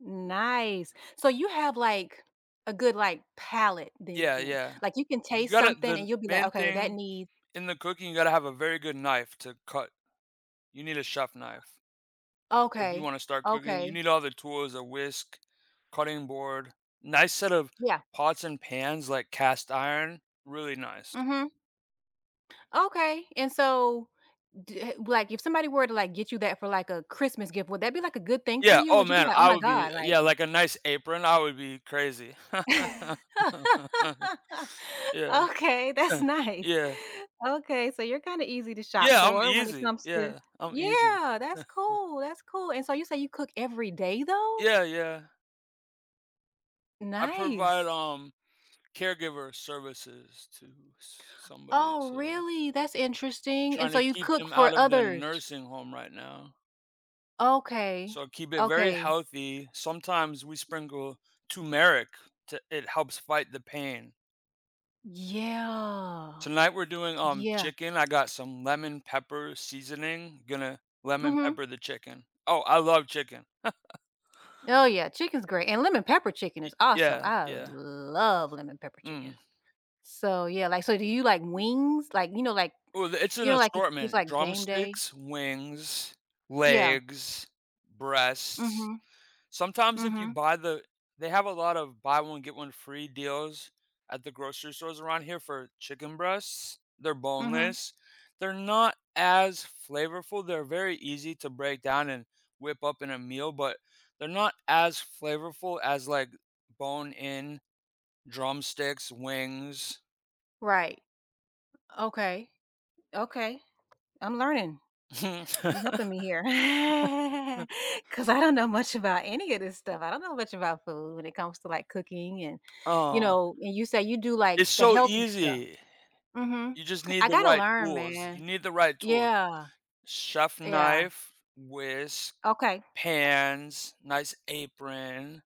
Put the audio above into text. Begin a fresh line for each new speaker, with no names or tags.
Nice. So you have, like, a good, like, palate
Yeah,
then,
yeah.
like, you can
You
taste
gotta
something
the
and you'll be like,
main
"Okay, that
thing
need"
in the cooking, you gotta have a very good knife to cut. You need a chef knife. If you
Okay,
wanna start cooking, you
okay.
need all the tools, a whisk, cutting board, nice set of
Yeah.
pots and pans like cast iron, really nice.
Mhm. Okay, and so, d y h like, if somebody were to, like, get you that for, like, a Christmas gift, would that be, like, a good thing for
Yeah,
you?
oh
Would you be
man,
like, "Oh
I
my
would be
god, like"
yeah, like a nice apron. That would be crazy. Yeah,
Okay, that's nice.
yeah.
Okay, so you're kinda easy to shop
Yeah, I'm
for when it
easy.
comes to
Yeah, I'm easy.
yeah, that's cool, that's cool, and so you say you cook every day though?
Yeah, yeah. I provide,
Nice.
um, caregiver services to somebody,
Oh,
so
really? That's interesting, and
trying
so
to
you
keep
cook
them out
for
of the
others.
nursing home right now.
Okay,
So keep it very
okay.
healthy. Sometimes we sprinkle turmeric to it helps fight the pain.
Yeah.
Tonight we're doing, um,
Yeah.
chicken. I got some lemon-pepper seasoning, gonna lemon
Mhm.
pepper the chicken. Oh, I love chicken.
Oh yeah, chicken's great, and lemon-pepper chicken
Y
is awesome.
yeah,
I
yeah.
love lemon-pepper chicken.
Mm.
So yeah, like, so do you like wings, like, you know, like,
Well, it's an
you know, like, if it's,
assortment,
like, game day.
drumsticks, wings,
Yeah.
legs, breasts.
Mhm.
Sometimes if you
Mhm.
buy the they have a lot of buy-one-get-one-free deals at the grocery stores around here for chicken breasts. They're
Mhm.
boneless. They're not as flavorful, they're very easy to break down and whip up in a meal, but they're not as flavorful as, like, bone-in drumsticks, wings.
Right. Okay, okay, I'm learning. You're helping me here 'cause I don't know much about any of this stuff. I don't know much about food when it comes to, like, cooking and, you
Uh
know, and you say you do, like,
It's
the
so
healthy stuff.
easy.
Uh-huh.
You just need
I
the
gotta
right
learn,
tools. You
man.
need the right tools,
Yeah.
chef
Yeah
knife, whisk,
Okay.
pans, nice apron.